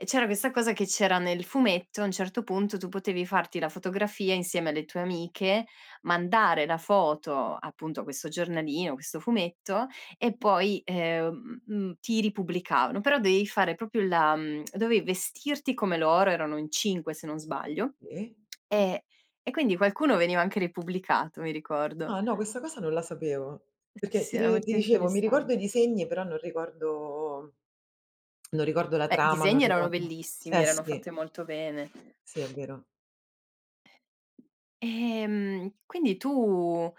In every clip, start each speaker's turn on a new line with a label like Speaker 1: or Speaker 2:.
Speaker 1: E c'era questa cosa che c'era nel fumetto, a un certo punto tu potevi farti la fotografia insieme alle tue amiche, mandare la foto, appunto, a questo giornalino, questo fumetto e poi, ehm mhmm, ti ripubblicavano, però dovevi fare proprio la, mhmm, dovevi vestirti come loro, erano in 5 se non sbaglio,
Speaker 2: Sì.
Speaker 1: e e quindi qualcuno veniva anche ripubblicato, mi ricordo.
Speaker 2: Ah no, questa cosa non la sapevo
Speaker 1: Sì
Speaker 2: perché
Speaker 1: sì,
Speaker 2: ti
Speaker 1: era
Speaker 2: ti
Speaker 1: molto
Speaker 2: dicevo, mi
Speaker 1: interessant
Speaker 2: ricordo i disegni, però non ricordo non ricordo la
Speaker 1: Beh,
Speaker 2: trama, non
Speaker 1: disegni erano
Speaker 2: ricordo,
Speaker 1: bellissimi,
Speaker 2: eh
Speaker 1: erano fatti
Speaker 2: sì.
Speaker 1: molto bene.
Speaker 2: Sì, è vero.
Speaker 1: Ehm, quindi tu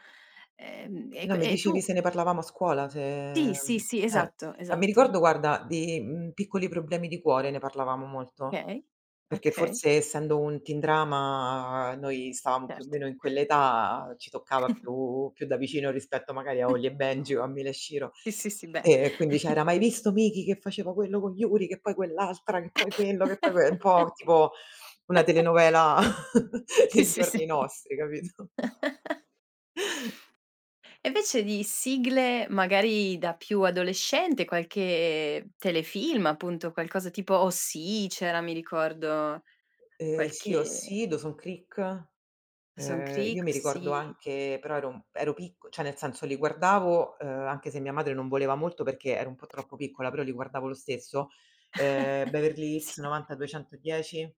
Speaker 1: ehm,
Speaker 2: E
Speaker 1: e
Speaker 2: no,
Speaker 1: q
Speaker 2: mi
Speaker 1: e
Speaker 2: dicevi
Speaker 1: tu,
Speaker 2: se ne
Speaker 1: eh
Speaker 2: parlavamo a scuola, se
Speaker 1: Sì, sì,
Speaker 2: mhmm,
Speaker 1: sì, esatto,
Speaker 2: eh. Mi
Speaker 1: esatto.
Speaker 2: ricordo, guarda, di, mhmm, Piccoli problemi di cuore, ne parlavamo molto,
Speaker 1: Okay,
Speaker 2: perché
Speaker 1: okay.
Speaker 2: forse essendo un teen drama noi stavamo più o
Speaker 1: Certo.
Speaker 2: meno in quell'età, ci toccava più più da vicino rispetto magari a Holly& Benji o a Mila e Shiro.
Speaker 1: Sì, sì, sì beh.
Speaker 2: E e quindi c'era: "Mai visto Miki che faceva quello con Yuri, che poi quell'altra, che poi quello, che poi que" è un po' tipo una telenovela
Speaker 1: Si,
Speaker 2: dei
Speaker 1: si, sì
Speaker 2: giorni nostri, capito?
Speaker 1: E invece di sigle magari da più adolescente, qualche telefilm appunto, qualcosa tipo OC, c'era mi ricordo
Speaker 2: Ehm sì
Speaker 1: qualche
Speaker 2: OC, Dawson's Creek
Speaker 1: Dawson's
Speaker 2: ehm, io
Speaker 1: creek,
Speaker 2: mi ricordo
Speaker 1: OC.
Speaker 2: anche però ero mhmm, ero picco cioè nel senso li guardavo, uhm anche se mia madre non voleva molto, perché ero un po' troppo piccola, però li guardavo lo stesso, ehm, Beverly
Speaker 1: Sì.
Speaker 2: Hills 90210